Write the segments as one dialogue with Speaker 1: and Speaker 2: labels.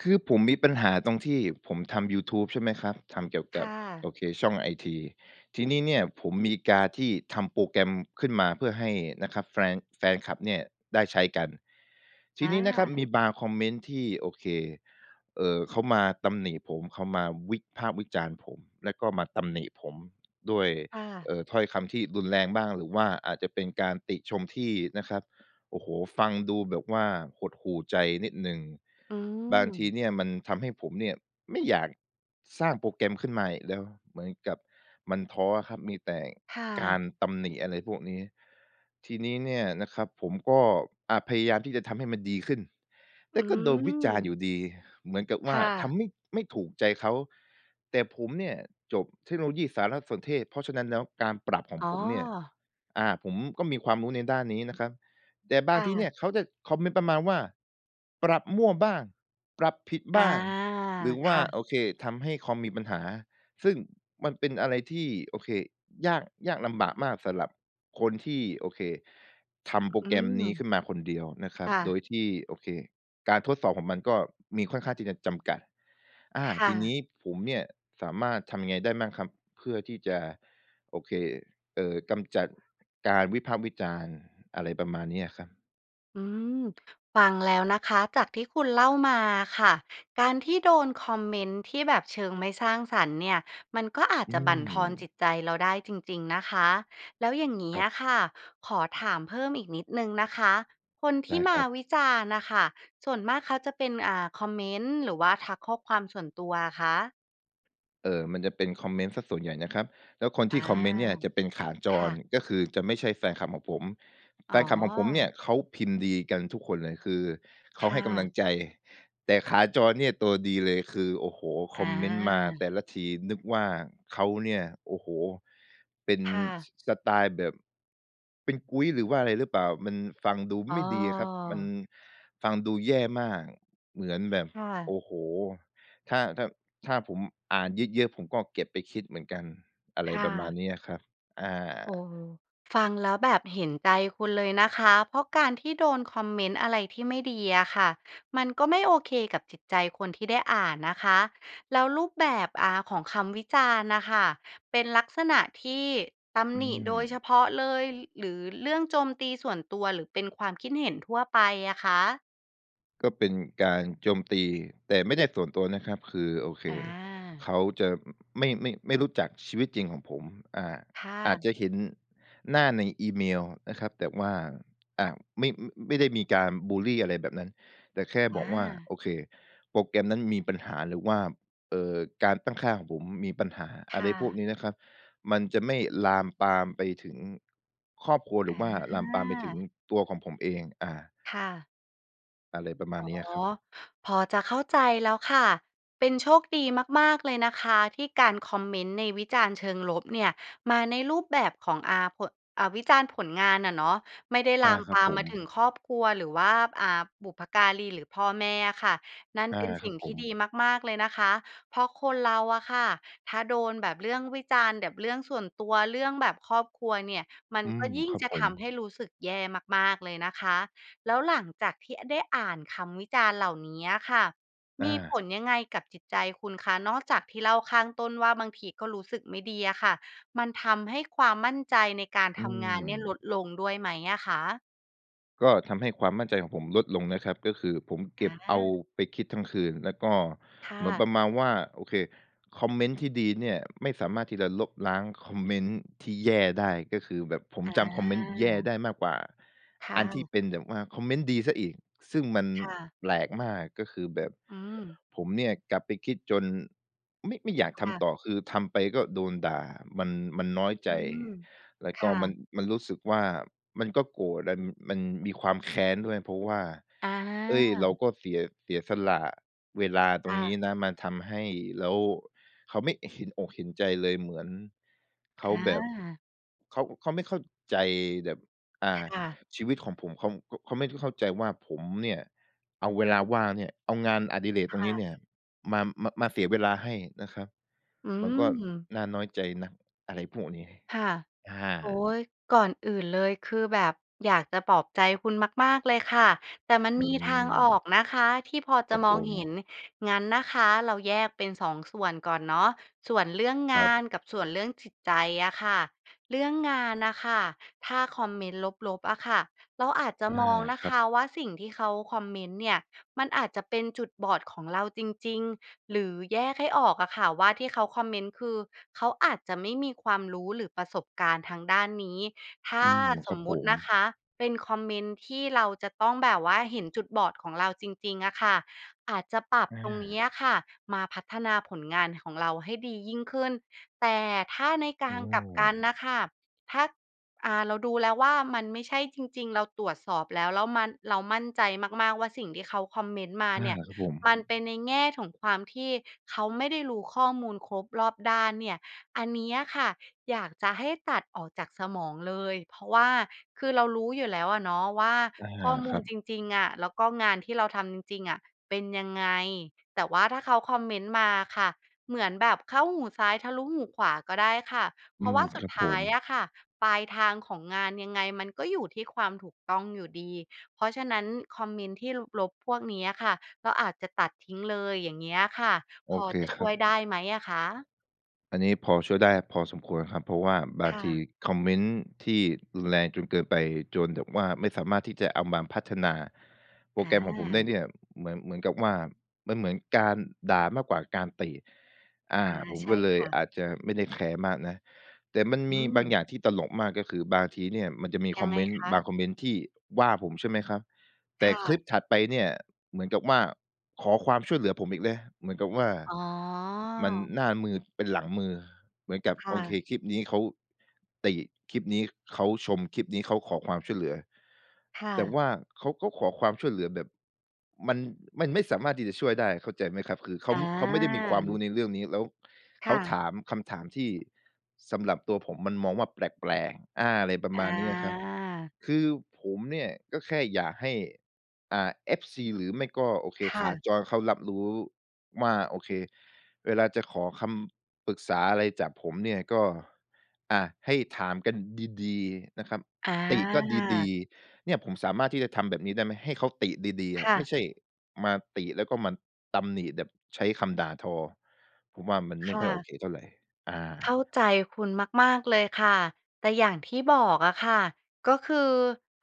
Speaker 1: คือผมมีปัญหาตรงที่ผมทำยูทูบใช่ไหมครับ ทำเกี่ยว
Speaker 2: ค
Speaker 1: กั
Speaker 2: ่
Speaker 1: บ
Speaker 2: ะ
Speaker 1: โอเค ช่องไอที ทีนี้เนี่ยผมมีการที่ทำโปรแกรมขึ้นมาเพื่อให้นะครับแฟรง แฟนคลับเนี่ยได้ใช้กัน ที
Speaker 2: อ
Speaker 1: นี้นะครับม
Speaker 2: า
Speaker 1: ีบางคอมเมนต์ที่ โอเค เอ่อ เขามาตำหนิผม เขามาวิพากษ์วิจารณ์ผม แล้วก็มาตำหนิผมด้วย
Speaker 2: ค่ะ
Speaker 1: เอ่อ ถ้อยคำที่รุนแรงบ้าง หรือว่าอาจจะเป็นการติชมที่นะครับ โอ้โฮ! ฟังดูแบบว่าหดหู่ใจนิดหนึ่ง
Speaker 2: อื
Speaker 1: บางท
Speaker 2: ม
Speaker 1: ีเนี่ยมันทำให้ผมเนี่ยไม่อยากสร้างโปรแกรมขึ้นมาอีกแล้ว เหมือนกับมันท้ออะครับ มีแต่
Speaker 2: ค่
Speaker 1: ก
Speaker 2: ะ
Speaker 1: ารตำหนิ อะไรพวกนี้ ทีนี้เนี่ยนะครับผมก็ อา พยายามที่จะทำให้มันดีขึ้น แ
Speaker 2: อ
Speaker 1: ต
Speaker 2: ื
Speaker 1: ่ก็โดนวิจารณ์อยู
Speaker 2: ม
Speaker 1: ่ดี เหมือนกับ
Speaker 2: ค
Speaker 1: ว่า
Speaker 2: ่
Speaker 1: ท
Speaker 2: ะ
Speaker 1: ำไม่ ไม่ถูกใจเขา แต่ผมเนี่ยจบเทคโนโลยีสารสนเทศ เพราะฉะนั้นแล้ว การปรับของ
Speaker 2: อ๋อ
Speaker 1: ผมเนี่ย อา ผมก็มีความรู้ในด้านนี้นะครับ แต่บ
Speaker 2: ค
Speaker 1: าง
Speaker 2: ่
Speaker 1: ทีเ
Speaker 2: ะ
Speaker 1: นี่ยเขาจะคอมเมนต์ประมาณว่า "ปรับมั่ว" บ้าง "ปรับผิด"
Speaker 2: อ
Speaker 1: บ
Speaker 2: า
Speaker 1: ้าง หรือ
Speaker 2: ค
Speaker 1: ว่า
Speaker 2: ่ะ
Speaker 1: โอเค "ทำให้คอมมีปัญหา" ซึ่งมันเป็นอะไรที่ โอเค ยาก ยากลำบากมากสำหรับคนที่ โอเค ทำโปร
Speaker 2: อื
Speaker 1: แกรมนี้ข
Speaker 2: ม
Speaker 1: ึ้นมาคนเดียวนะครั
Speaker 2: ค
Speaker 1: บ
Speaker 2: ่
Speaker 1: โด
Speaker 2: ะ
Speaker 1: ยที่ โอเค การทดสอบของมันก็มีค่อนข้างที่จะจำกัด อา
Speaker 2: ค่
Speaker 1: ทีน
Speaker 2: ะ
Speaker 1: ี้ผมเนี่ยสามารถทำยังไงได้มั่งครับ? เพื่อที่จะ โอเค เอ่อ กำจัดการวิพากษ์วิจารณ์ อะไรประมาณนี้อะครับ
Speaker 2: อืม ฟังแล้วนะคะ จากที่คุณเล่ามาค่ะ การที่โดนคอมเมนต์ที่แบบเชิงไม่สร้างสรรค์เนี่ย มันก็อาจ
Speaker 1: อื
Speaker 2: จะบั่นทอนจ
Speaker 1: ม
Speaker 2: ิตใจเราได้จริง ๆ นะคะ แล้วอย่างงี้
Speaker 1: ครั
Speaker 2: อ
Speaker 1: บ
Speaker 2: ะค่ะขอถามเพิ่มอีกนิดหนึ่งนะคะ คนท
Speaker 1: ได
Speaker 2: ี่
Speaker 1: ้
Speaker 2: ม
Speaker 1: ค
Speaker 2: า
Speaker 1: รับ
Speaker 2: วิจารณ์น่ะค่ะส่วนมากเขาจะเป็น อ่า คอมเมนต์หรือว่าทักข้อความส่วนตัวคะ?
Speaker 1: เออ มันจะเป็นคอมเมนต์เสียส่วนใหญ่นะครับ แล้วคน
Speaker 2: อ
Speaker 1: ที
Speaker 2: า
Speaker 1: ่คอมเมนต์เนี่ยจะเป็นขาจ
Speaker 2: ค่
Speaker 1: ร
Speaker 2: ะ
Speaker 1: ก็คือจะไม่ใช่แฟนคลับของผม แ
Speaker 2: อ
Speaker 1: ฟ
Speaker 2: ๋
Speaker 1: นคลับของผมเนี่ย
Speaker 2: อ
Speaker 1: เขาพิมพ์ดีกันทุกคนเลย คือเข
Speaker 2: ค
Speaker 1: าใ
Speaker 2: ่
Speaker 1: ห้กำล
Speaker 2: ะ
Speaker 1: ังใจ แต่ขาจรเนี่ยตัวดีเลย คือ โอ้โฮ! ค
Speaker 2: อ
Speaker 1: อมเมนต์มาแต
Speaker 2: า
Speaker 1: ่ละทีนึกว่าเขาเนี่ย โอ้โฮ! เป็น
Speaker 2: ค่ะ
Speaker 1: ส สไตล์แบบ เป็นกุ๊ย หรือว่าอะไรหรือเปล่า? มันฟังดู
Speaker 2: อ้
Speaker 1: ไม
Speaker 2: อ
Speaker 1: ่ดีอะครับ มันฟังดูแย่มาก เหมือนแบบ
Speaker 2: ค่
Speaker 1: โอ
Speaker 2: ะ
Speaker 1: ้โฮ! ถ้า ถ้า ถ้าผมอ่านเยอะ ๆ ผมก็เก็บไปคิดเหมือนกัน อะไ
Speaker 2: ค
Speaker 1: ร
Speaker 2: ่
Speaker 1: ประมาณ
Speaker 2: ะ
Speaker 1: นี้อะครับ อ
Speaker 2: เอ
Speaker 1: า
Speaker 2: อ ฟังแล้วแบบเห็นใจคุณเลยนะคะ เพราะการที่โดนคอมเมนต์อะไรที่ไม่ดีอะค่ะ มันก็ไม่โอเคกับจิตใจคนที่ได้อ่านนะคะ แล้วรูปแบบ อ่า ของคำวิจารณ์น่ะค่ะ เป็นลักษณะที่ต
Speaker 1: อ
Speaker 2: ำ
Speaker 1: ื
Speaker 2: หนิโดยเฉ
Speaker 1: ม
Speaker 2: พาะเลย หรือเรื่องโจมตีส่วนตัว หรือเป็นความคิดเห็นทั่วไปอะคะ?
Speaker 1: ก็เป็นการโจมตี แต่ไม่ได้ส่วนตัวนะครับ คือ โอเค
Speaker 2: อา
Speaker 1: เขาจะ อืม ไม่ ไม่ ไม่รู้จักชีวิตจริงของผม อา
Speaker 2: ค่
Speaker 1: อาจ
Speaker 2: ะ
Speaker 1: จะเห็นหน้าในอีเมลนะครับ แต่ว่า อ่า ไม่ ไม่ได้มีการบุลลีอะไรแบบนั้น แต่แค่
Speaker 2: อ
Speaker 1: บอกว่า
Speaker 2: า
Speaker 1: โอเค "โปรแกรมนั้นมีปัญหา" หรือว่า เอ่อ "การตั้งค่าของผมมีปัญหา"
Speaker 2: ค
Speaker 1: อะไ
Speaker 2: ่
Speaker 1: รพว
Speaker 2: ะ
Speaker 1: กนี้นะครับ มันจะไม่ลามปามไปถึงครอบครัวหรื
Speaker 2: อ
Speaker 1: อ
Speaker 2: า
Speaker 1: ว่าลามปามไปถึงตัวของผมเอง อา
Speaker 2: ค่ะ
Speaker 1: อะไรประมา
Speaker 2: อ
Speaker 1: ณ
Speaker 2: ๋อ
Speaker 1: นี้อะครับ
Speaker 2: พอจะเข้าใจแล้วค่ะ เป็นโชคดีมาก ๆ เลยนะคะที่การคอมเมนต์ในวิจารณ์เชิงลบเนี่ย มาในรูปแบบของ อ่า ผด อ่า วิจารณ์ผลงานอะเนาะ ไม่ได้
Speaker 1: อ
Speaker 2: ล
Speaker 1: า
Speaker 2: าม
Speaker 1: ค
Speaker 2: ป
Speaker 1: รับ
Speaker 2: าม
Speaker 1: ผ
Speaker 2: มา
Speaker 1: ม
Speaker 2: ถึงครอบครัว หรือว่า อ่า บุพการี หรือพ่อแม่อะค่ะ นั่น
Speaker 1: อา
Speaker 2: เป็นส
Speaker 1: ค
Speaker 2: ิ
Speaker 1: รั
Speaker 2: ่ง
Speaker 1: บ
Speaker 2: ท
Speaker 1: ผ
Speaker 2: ี่
Speaker 1: ม
Speaker 2: ดีมาก ๆ เลยนะคะ เพราะคนเราอะค่ะถ้าโดนแบบเรื่องวิจารณ์แบบเรื่องส่วนตัว เรื่องแบบครอบครัวเนี่ยมัน
Speaker 1: อื
Speaker 2: ก
Speaker 1: ม
Speaker 2: ็ยิ่ง
Speaker 1: ครับ
Speaker 2: จะ
Speaker 1: ผ
Speaker 2: ท
Speaker 1: ม
Speaker 2: ำให้รู้สึกแย่มาก ๆ เลยนะคะ แล้วหลังจากที่ อ ได้อ่านคำวิจารณ์เหล่านี้อะค่ะ
Speaker 1: อ
Speaker 2: มี
Speaker 1: า
Speaker 2: ผลยังไงกับจิตใจคุณคะ? นอกจากที่เล่าข้างต้นว่า บางทีก็รู้สึกไม่ดีอะค่ะ มันทำให้ความมั่นใจในการ
Speaker 1: อื
Speaker 2: ทำงานเนี่ย ล
Speaker 1: ม
Speaker 2: ดลงด้วยไหมอะคะ?
Speaker 1: ก็ทำให้ความมั่นใจของผมลดลงนะครับ ก็คือผมเก็บ
Speaker 2: อ
Speaker 1: เอา
Speaker 2: า
Speaker 1: ไปคิดทั้งคืน แล้วก็
Speaker 2: ค่
Speaker 1: เหมือน
Speaker 2: ะ
Speaker 1: ประมาณว่า โอเค คอมเมนต์ที่ดีเนี่ยไม่สามารถที่จะลบล้างคอมเมนต์ที่แย่ได้ ก็คือแบบผม
Speaker 2: อ
Speaker 1: จำคอมเมนต์แย่
Speaker 2: า
Speaker 1: ได้มากกว่า
Speaker 2: ค่
Speaker 1: อันที่
Speaker 2: ะ
Speaker 1: เป็นแบบว่าคอมเมนต์ดีเสียอีก ซึ่งมัน
Speaker 2: ค่ะ
Speaker 1: แปลกมาก ก็คือแบบ
Speaker 2: อืม
Speaker 1: ผมเนี่ยกลับไปคิดจนไม่ ไม่อยาก
Speaker 2: ค
Speaker 1: ท
Speaker 2: ่ะ
Speaker 1: ำต่อ คือทำไปก็โดนด่า มัน มันน้อยใ
Speaker 2: อ
Speaker 1: จ
Speaker 2: ืม
Speaker 1: แล้
Speaker 2: ค
Speaker 1: วก็
Speaker 2: ่
Speaker 1: มัน
Speaker 2: ะ
Speaker 1: มันรู้สึกว่า มันก็โกรธลัน มันมีความ แค้น ด้วย เพราะว่า เฮ้
Speaker 2: อ
Speaker 1: ย เรา
Speaker 2: า
Speaker 1: ก็เสีย เสียสละเวลาต
Speaker 2: ค
Speaker 1: ร
Speaker 2: ่
Speaker 1: งนี
Speaker 2: ะ
Speaker 1: ้นะมาทำให้แล้วเขาไม่เห็นอกเห็นใจเลย เหมือน เข
Speaker 2: อ
Speaker 1: าแบบ
Speaker 2: า
Speaker 1: เขา เขาไม่เข้าใจแบบ อ่า
Speaker 2: ค่ะ
Speaker 1: ชีวิตของผม เขา ข เขาไม่ได้เข้าใจว่า ผมเนี่ยเอาเวลาว่างเนี่ย เอางานอดิเรก
Speaker 2: ค
Speaker 1: ตรง
Speaker 2: ่
Speaker 1: นี้
Speaker 2: ะ
Speaker 1: เนี่ยมา มา มาเสียเวลาให้นะครับ
Speaker 2: อื
Speaker 1: มันก็
Speaker 2: ม
Speaker 1: น่าน้อยใจนะ อะไรพวกนี้
Speaker 2: ค่ะ
Speaker 1: อ
Speaker 2: โอ
Speaker 1: า
Speaker 2: ๊ย ก่อนอื่นเลย คือแบบอยากจะปลอบใจคุณมาก ๆ เลยค่ะ แต่มัน
Speaker 1: อื
Speaker 2: มีทางออ
Speaker 1: ม
Speaker 2: กนะคะที่พอ
Speaker 1: ค
Speaker 2: จ
Speaker 1: ร
Speaker 2: ะ
Speaker 1: ับ
Speaker 2: ม
Speaker 1: ผ
Speaker 2: องเห
Speaker 1: ม
Speaker 2: ็น งั้นนะคะเราแยกเป็น 2 ส่วนก่อนเนาะ ส่วนเรื่อง
Speaker 1: ค
Speaker 2: ง
Speaker 1: รั
Speaker 2: า
Speaker 1: บ
Speaker 2: นกับส่วนเรื่องจิตใจอะค่ะ เรื่องงานน่ะค่ะ ถ้าคอมเมนต์ลบ ๆ อะค่ะ เราอาจจะ
Speaker 1: อา
Speaker 2: มอง นะ
Speaker 1: คร
Speaker 2: ค
Speaker 1: ับ
Speaker 2: ะว่า สิ่งที่เขาคอมเมนต์เนี่ย มันอาจจะเป็นจุดบอดของเราจริง ๆ หรือแยกให้ออกอะค่ะว่า ที่เขาคอมเมนต์คือเขาอาจจะไม่มีความรู้หรือประสบการณ์ทางด้านนี้ ถ้
Speaker 1: อ
Speaker 2: า
Speaker 1: ืม
Speaker 2: ส
Speaker 1: ครั
Speaker 2: ม
Speaker 1: บ
Speaker 2: ม
Speaker 1: ผ
Speaker 2: ติ
Speaker 1: ม
Speaker 2: นะคะ เป็นคอมเมนต์ที่เราจะต้องแบบว่า เห็นจุดบอดของเราจริง ๆ อะค่ะ อาจจะปรับ
Speaker 1: อ
Speaker 2: ตรงนี้
Speaker 1: า
Speaker 2: อะค่ะมาพัฒนาผลงานของเราให้ดียิ่งขึ้น แต่ถ้าในก
Speaker 1: อ
Speaker 2: า
Speaker 1: ้
Speaker 2: งกลับกัน
Speaker 1: อ
Speaker 2: น่ะค่ะ ถ้า อ่า เราดูแล้วว่า มันไม่ใช่จริง ๆ เราตรวจสอบแล้ว แล้วมัน เรามั่นใจมาก ๆ ว่า สิ่งที่เขาคอมเมนต์มา
Speaker 1: อา
Speaker 2: เนี่ย
Speaker 1: ครับผ
Speaker 2: ม
Speaker 1: ม
Speaker 2: ันเป็นในแง่ของความที่เขาไม่ได้รู้ข้อมูลครบรอบด้านเนี่ย อันนี้อะค่ะอยากจะให้ตัดออกจากสมองเลย เพราะว่าคือเรารู้อยู่แล้วอะเนาะว่า
Speaker 1: อา
Speaker 2: ข้อม
Speaker 1: ค
Speaker 2: ู
Speaker 1: รั
Speaker 2: ล
Speaker 1: บ
Speaker 2: จริง ๆ อะ แล้วก็งานที่เราทำจริง ๆ อะ เป็นยังไง แต่ว่าถ้าเขาคอมเมนต์มาอะค่ะ เหมือนแบบเข้าหูซ้ายทะลุหูขวาก็ได้ค่ะ เพ
Speaker 1: อื
Speaker 2: ราะว
Speaker 1: ม
Speaker 2: ่าส
Speaker 1: ค
Speaker 2: ุ
Speaker 1: ร
Speaker 2: ด
Speaker 1: ับ
Speaker 2: ท
Speaker 1: ผ
Speaker 2: ้าย
Speaker 1: ม
Speaker 2: อะค่ะปลายทางของงานยังไงมันก็อยู่ที่ความถูกต้องอยู่ดี เพราะฉะนั้น คอมเมนต์ที่ลบ ๆ พวกนี้อะค่ะก็อาจจะตัดทิ้งเลย อย่างเงี้ยค่ะ
Speaker 1: โ
Speaker 2: พ
Speaker 1: อ
Speaker 2: อ
Speaker 1: เค
Speaker 2: จะ
Speaker 1: ค
Speaker 2: ช
Speaker 1: ร
Speaker 2: ่
Speaker 1: ั
Speaker 2: ว
Speaker 1: บ
Speaker 2: ยได้ไหมอะคะ?
Speaker 1: อันนี้พอช่วยได้พอสมควรครับ เพราะว่าบา
Speaker 2: ค
Speaker 1: ง
Speaker 2: ่ะ
Speaker 1: ทีคอมเมนต์ที่รุนแรงจนเกินไป จนแบบว่าไม่สามารถที่จะเอามาพัฒนาโป
Speaker 2: อ
Speaker 1: รแกรมของผมได้
Speaker 2: า
Speaker 1: เนี่ย เหมือน เหมือนกับว่า มันเหมือนการด่ามากกว่าการติ อ
Speaker 2: อ
Speaker 1: า
Speaker 2: า
Speaker 1: ผม
Speaker 2: ใช
Speaker 1: ก
Speaker 2: ่
Speaker 1: ็เล
Speaker 2: ค
Speaker 1: ย
Speaker 2: ่ะ
Speaker 1: อาจจะไม่ได้แคร์มากนะ แต่มัน
Speaker 2: อื
Speaker 1: มีบาง
Speaker 2: ม
Speaker 1: อย่างที่ตลกมาก ก็คือบางทีเนี่ยมันจะมี
Speaker 2: ยั
Speaker 1: คอ
Speaker 2: ง
Speaker 1: ม
Speaker 2: ไง
Speaker 1: เมนต์
Speaker 2: ค
Speaker 1: บา
Speaker 2: ะ?
Speaker 1: งคอมเมนต์ที่ว่าผมใช่ไหมครับ แ
Speaker 2: ค
Speaker 1: ต่
Speaker 2: ่
Speaker 1: คล
Speaker 2: ะ
Speaker 1: ิปถัดไปเนี่ยเหมือนกับว่า ขอความช่วยเหลือผมอีกแล้ว เหมือนกับว่า
Speaker 2: อ๋อ
Speaker 1: มันหน้ามือเป็นหลังมือ เหมือนกับ
Speaker 2: ค่
Speaker 1: โอเค
Speaker 2: ะ
Speaker 1: คลิปนี้เขา ติ คลิปนี้เขาชม คลิปนี้เขาขอความช่วยเหลือ
Speaker 2: ค่
Speaker 1: แต่
Speaker 2: ะ
Speaker 1: ว่าเขาก็ขอความช่วยเหลือแบบ มัน มันไม่สามารถที่จะช่วยได้ เข้าใจไหมครับ? คือเข
Speaker 2: อ
Speaker 1: า เขาไม่ได้มีความรู้
Speaker 2: า
Speaker 1: ในเรื่องนี้ แล้ว
Speaker 2: ค
Speaker 1: เข
Speaker 2: ่
Speaker 1: า
Speaker 2: ะ
Speaker 1: ถามคำถามที่สำหรับตัวผมมันมองว่า แปลก ๆ อา อะไรประ
Speaker 2: อ
Speaker 1: มาณนี้อะครับ
Speaker 2: า
Speaker 1: คือผมเนี่ยก็แค่อยากให้ อ่า FC หรือไม่ก็ โอเค
Speaker 2: ค่
Speaker 1: ขา
Speaker 2: ะ
Speaker 1: จรเขารับรู้ว่า โอเค เวลาจะขอคำปรึกษาอะไรจากผมเนี่ยก็ อะ ให้ถามกัน ดี ๆ นะครับ
Speaker 2: อ
Speaker 1: ติก็ด
Speaker 2: า
Speaker 1: ี ๆ เนี่ย ผมสามารถที่จะทำแบบนี้ได้ไหม? ให้เขาติดี ๆ อ
Speaker 2: ค
Speaker 1: ะ
Speaker 2: ่
Speaker 1: ไม่
Speaker 2: ะ
Speaker 1: ใช่มาติแล้วก็มาตำหนิแบบใช้คำด่าทอ ผมว่า มัน
Speaker 2: ค
Speaker 1: ไม่
Speaker 2: ่
Speaker 1: ค่อยโอ
Speaker 2: ะ
Speaker 1: เคเท่าไร อ
Speaker 2: เข้
Speaker 1: า
Speaker 2: าใจคุณมาก ๆ เลยค่ะ แต่อย่างที่บอกอะค่ะ ก็คือ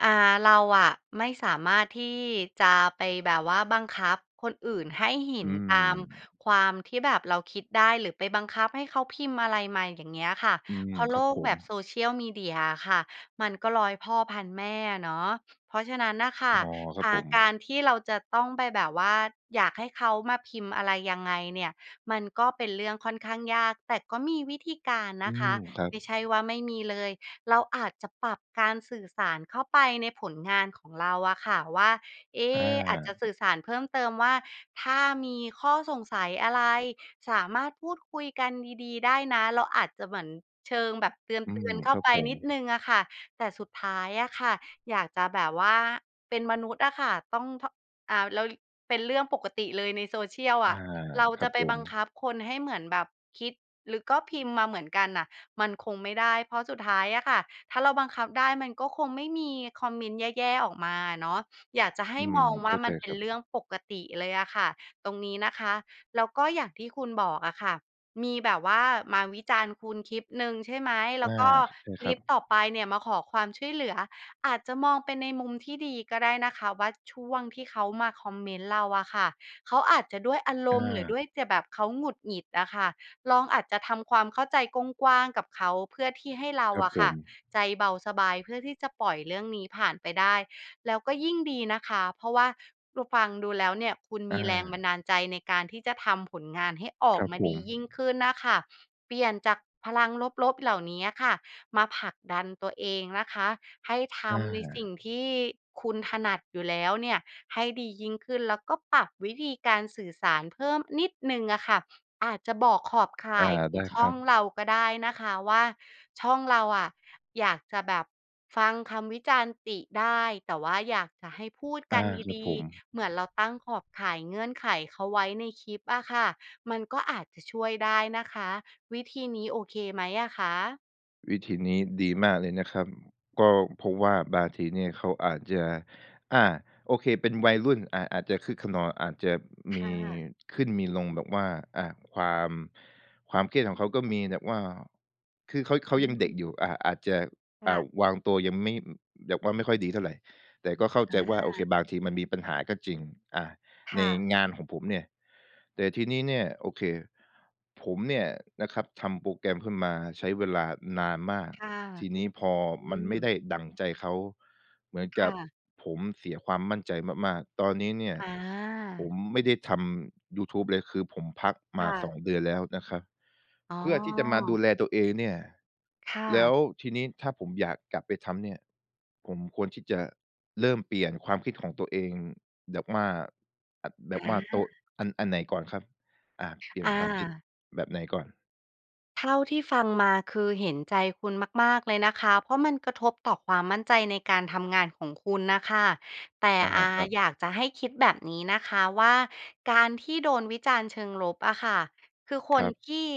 Speaker 2: อ่า เราอะไม่สามารถที่จะ ไปแบบว่าบังคับคนอื่นให้เห็
Speaker 1: อื
Speaker 2: นตาม
Speaker 1: ม
Speaker 2: ความที่แบบเราคิดได้ หรือไปบังคับให้เขาพิมพ์อะไรมา อย่างเงี้ยค่ะ
Speaker 1: อื
Speaker 2: เ
Speaker 1: ม
Speaker 2: พราะโ
Speaker 1: ค
Speaker 2: ล
Speaker 1: รับ
Speaker 2: ก
Speaker 1: ผ
Speaker 2: แบบ
Speaker 1: ม
Speaker 2: social media อะค่ะมันก็ร้อยพ่อพันแม่อะเนาะ เพราะฉะนั้นน่ะค่
Speaker 1: อ
Speaker 2: ะ
Speaker 1: ๋อ คร
Speaker 2: อ
Speaker 1: ับ
Speaker 2: ่า
Speaker 1: ผ
Speaker 2: ก
Speaker 1: ม
Speaker 2: ารที่เราจะต้องไปแบบว่าอยากให้เขามาพิมพ์อะไรยังไงเนี่ย มันก็เป็นเรื่องค่อนข้างยาก แต่ก็มีวิธีการน
Speaker 1: อื
Speaker 2: ะค
Speaker 1: ม
Speaker 2: ะ
Speaker 1: ครั
Speaker 2: ไ
Speaker 1: บ
Speaker 2: ม่ใช่ว่าไม่มีเลย เราอาจจะปรับการสื่อสารเข้าไปในผลงานของเราอะค่ะว่า เอ๊
Speaker 1: อ
Speaker 2: อาจจะ
Speaker 1: า
Speaker 2: สื่อสารเพิ่มเติมว่า "ถ้ามีข้อสงสัยอะไร สามารถพูดคุยกันดี ๆ ได้นะ" เราอาจจะเหมือนเชิงแบบเต
Speaker 1: อื
Speaker 2: ื
Speaker 1: ม
Speaker 2: อน ๆ เข้
Speaker 1: ค
Speaker 2: า
Speaker 1: รับ
Speaker 2: ไป
Speaker 1: ผ
Speaker 2: นิ
Speaker 1: ม
Speaker 2: ดหนึ่งอะค่ะ แต่สุดท้ายอะค่ะอยากจะแบบว่า เป็นมนุษย์อะค่ะต้องเทาะ อาวแลวยุ่ เป็นเรื่องปกติเลยในโซเชียล
Speaker 1: อ
Speaker 2: อ
Speaker 1: า
Speaker 2: ะ เรา
Speaker 1: ค
Speaker 2: จ
Speaker 1: รั
Speaker 2: ะ
Speaker 1: บ
Speaker 2: ไป
Speaker 1: ผ
Speaker 2: บัง
Speaker 1: ม
Speaker 2: คับคนให้เหมือนแบบคิด หรือก็พิมพ์มาเหมือนกันน่ะมันคงไม่ได้ เพราะสุดท้ายอะค่ะ ถ้าเราบังคับได้มันก็คงไม่มีคอมเมนต์แย่ ๆ ออกมาอะเนาะ อยากจะให
Speaker 1: อ
Speaker 2: ้
Speaker 1: ืม
Speaker 2: มองว
Speaker 1: เ
Speaker 2: ่
Speaker 1: ข้
Speaker 2: า
Speaker 1: า
Speaker 2: ม
Speaker 1: ใจ
Speaker 2: ันเป็
Speaker 1: ค
Speaker 2: น
Speaker 1: รับ
Speaker 2: เรื่องปกติเลยอะค่ะ ตรงนี้นะคะ แล้วก็อย่างที่คุณบอกอะค่ะ มีแบบว่ามาวิจารณ์คุณคลิปหนึ่งใช่ไหม แล
Speaker 1: อ
Speaker 2: ้
Speaker 1: า
Speaker 2: วก็
Speaker 1: ใช่
Speaker 2: ค
Speaker 1: ค
Speaker 2: ล
Speaker 1: รั
Speaker 2: ิป
Speaker 1: บ
Speaker 2: ต่อไปเนี่ยมาขอความช่วยเหลือ อาจจะมองไปในมุมที่ดีก็ได้นะคะว่า ช่วงที่เขามาคอมเมนต์เราอะค่ะ เขาอาจจะด้วยอาร
Speaker 1: อ
Speaker 2: มณ์ หรือด้
Speaker 1: า
Speaker 2: วยจะแบบเขาหงุดหงิดอะค่ะ ลองอาจจะทำความเข้าใจกว้าง ๆ กับเขา เพื่อที่ให้เรา
Speaker 1: ครับ
Speaker 2: อะ
Speaker 1: ผ
Speaker 2: ค่ะ
Speaker 1: ม
Speaker 2: ใจเบาสบาย เพื่อที่จะปล่อยเรื่องนี้ผ่านไปได้ แล้วก็ยิ่งดีนะคะ เพราะว่าเราฟังดูแล้วเนี่ยคุณม
Speaker 1: อ
Speaker 2: ีแรงบั
Speaker 1: า
Speaker 2: นดาลใจในการที่จะทำผลงานให้ออ
Speaker 1: ค
Speaker 2: ก
Speaker 1: รับ
Speaker 2: มา
Speaker 1: ผ
Speaker 2: ดียิ่
Speaker 1: ม
Speaker 2: งขึ้นน่ะค่ะ เปลี่ยนจากพลังลบ ๆ เหล่านี้อะค่ะมาผลักดันตัวเองนะคะ ให้ท
Speaker 1: อา
Speaker 2: ำในสิ่งที่คุณถนัดอยู่แล้วเนี่ยให้ดียิ่งขึ้น แล้วก็ปรับวิธีการสื่อสารเพิ่มนิดหนึ่งอะค่ะ อาจจะบอกขอบข
Speaker 1: อ
Speaker 2: ่
Speaker 1: า
Speaker 2: ายขอ
Speaker 1: ได
Speaker 2: ง
Speaker 1: ้
Speaker 2: ช
Speaker 1: ค
Speaker 2: ่
Speaker 1: ร
Speaker 2: อ
Speaker 1: ั
Speaker 2: ง
Speaker 1: บ
Speaker 2: เราก็ได้นะคะว่า ช่องเราอะอยากจะแบบฟังคำวิจารณ์ติได้ แต่ว่าอยากจะให้พูด
Speaker 1: อ
Speaker 2: ก
Speaker 1: า
Speaker 2: ัน
Speaker 1: ครั
Speaker 2: ด
Speaker 1: บ
Speaker 2: ี
Speaker 1: ผม
Speaker 2: ๆ เหมือนเราตั้งขอบข่ายเงื่อนไขเขาไว้ในคลิปอะค่ะ มันก็อาจจะช่วยได้นะคะ วิธีนี้โอเคไหมอะคะ?
Speaker 1: วิธีนี้ดีมากเลยนะครับ ก็เพราะว่าบางทีเนี่ยเขาอาจจะ อา โอเค เป็นวัยรุ่น อ่า อาจจะคึกคะนอง อาจจะม
Speaker 2: ค่
Speaker 1: ี
Speaker 2: ะ
Speaker 1: ขึ้นมีลงแบบว่า อ่า ความ ความเครียดของเขาก็มีแบบว่า คือเขา เขา
Speaker 2: อื
Speaker 1: ยังเด็ก
Speaker 2: ม
Speaker 1: อยู่ อะ อาจจะ
Speaker 2: ค
Speaker 1: อ
Speaker 2: ่
Speaker 1: ่า
Speaker 2: ะ
Speaker 1: วางตัวยังไม่ อืม แบบว่าไม่ค่อยดีเท่าไร แต่ก็เข้า
Speaker 2: อ
Speaker 1: ใจว่า โอเค
Speaker 2: า
Speaker 1: บางทีมันมีปัญหาก็จริง อา
Speaker 2: ค
Speaker 1: ใน
Speaker 2: ่ะ
Speaker 1: งานของผมเนี่ย แต่ทีนี้เนี่ย โอเค ผมเนี่ยนะครับทำโปรแกรมขึ้นมาใช้เวลานานมาก
Speaker 2: ค่ะ
Speaker 1: ทีนี้พอ
Speaker 2: อื
Speaker 1: มันไม่ไ
Speaker 2: ม
Speaker 1: ด้ดั่งใจเขา เหมือน
Speaker 2: ค
Speaker 1: ก
Speaker 2: ่
Speaker 1: ับ
Speaker 2: ะ
Speaker 1: ผมเสียความมั่นใจมาก ๆ ตอนนี้เนี่ย
Speaker 2: อ
Speaker 1: ผ
Speaker 2: า
Speaker 1: มไม่ได้ทำยูทูบเลย คือผมพัก
Speaker 2: ค
Speaker 1: มา
Speaker 2: ่
Speaker 1: ส
Speaker 2: ะ
Speaker 1: อง เดือนแล้วนะครับ
Speaker 2: อ๋
Speaker 1: เพื่อที่จะมาดู
Speaker 2: อ
Speaker 1: แลตัวเองเนี่ย
Speaker 2: ค่
Speaker 1: แล้
Speaker 2: ะ
Speaker 1: วทีนี้ถ้าผมอยากกลับไปทำเนี่ย ผมควรที่จะเริ่มเปลี่ยนความคิดของตัวเอง แบบว่า อะ แบบ
Speaker 2: อ
Speaker 1: ว่าโตะ
Speaker 2: า
Speaker 1: อัน อันไหนก่อนครับ? อ่า เปลี่
Speaker 2: อ
Speaker 1: ยนความคิด
Speaker 2: า
Speaker 1: แบบไหนก่อน?
Speaker 2: เท่าที่ฟังมาคือเห็นใจคุณมาก ๆ เลยนะคะ เพราะมันกระทบต่อความมั่นใจในการทำงานของคุณน่ะค่ะ แต่
Speaker 1: อา
Speaker 2: อ่า
Speaker 1: ครับ
Speaker 2: อยากจะให้คิดแบบนี้นะคะว่า การที่โดนวิจารณ์เชิงลบอะค่ะ คือค
Speaker 1: คร
Speaker 2: น
Speaker 1: ับ
Speaker 2: ที่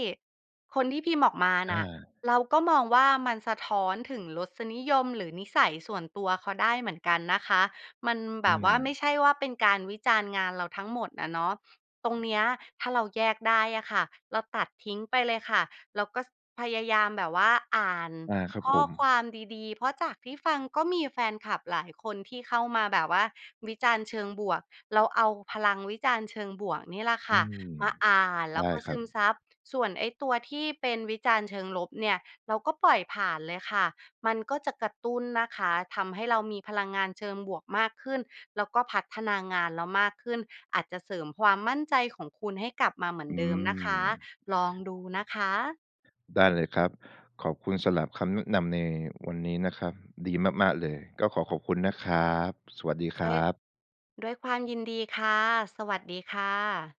Speaker 2: คนที่พิมพ์ออกมา
Speaker 1: อ
Speaker 2: น่ะ
Speaker 1: า
Speaker 2: เราก็มองว่า มันสะท้อนถึงรสนิยม หรือนิสัยส่วนตัวเขาได้เหมือนกันนะคะ มันแ
Speaker 1: อ
Speaker 2: บ
Speaker 1: ื
Speaker 2: บว่าไม่
Speaker 1: ม
Speaker 2: ใช่ว่า เป็นการวิจารณ์งานเราทั้งหมดอะเนาะ ตรงเนี้ยถ้าเราแยกได้อะค่ะ เราตัดทิ้งไปเลยค่ะ แล้วก็ พยายามแบบว่าอ่าน
Speaker 1: อา ครับ
Speaker 2: ข้
Speaker 1: ผ
Speaker 2: อค
Speaker 1: ม
Speaker 2: วามดี ๆ เพราะจากที่ฟังก็มีแฟนคลับหลายคนที่เข้ามาแบบว่าวิจารณ์เชิงบวก เราเอาพลังวิจารณ์เชิงบวกนี่แหละค
Speaker 1: อื
Speaker 2: ่ะ
Speaker 1: ม
Speaker 2: มาอ่านแล
Speaker 1: ไ
Speaker 2: ้
Speaker 1: ด
Speaker 2: ว
Speaker 1: ้
Speaker 2: ก็
Speaker 1: ค
Speaker 2: ซ
Speaker 1: รั
Speaker 2: ึม
Speaker 1: บ
Speaker 2: ซับ ส่วนไอ้ตัวที่เป็นวิจารณ์เชิงลบเนี่ยเราก็ปล่อยผ่านเลยค่ะ มันก็จะกระตุ้นนะคะ ทำให้เรามีพลังงานเชิงบวกมากขึ้น แล้วก็พัฒนางานเรามากขึ้น อาจจะเสริมความมั่นใจของคุณให้กลับมาเหมือน
Speaker 1: อื
Speaker 2: เดิมนะคะ
Speaker 1: ม
Speaker 2: ลองดูนะคะ
Speaker 1: ได้เลยครับ ขอบคุณสำหรับคำแนะนำในวันนี้นะครับ ดีมาก ๆ เลย ก็ขอขอบคุณนะครับ สวัสดีค
Speaker 2: ด้
Speaker 1: ร
Speaker 2: วย
Speaker 1: ับ
Speaker 2: ด้วยความยินดีค่ะ สวัสดีค่ะ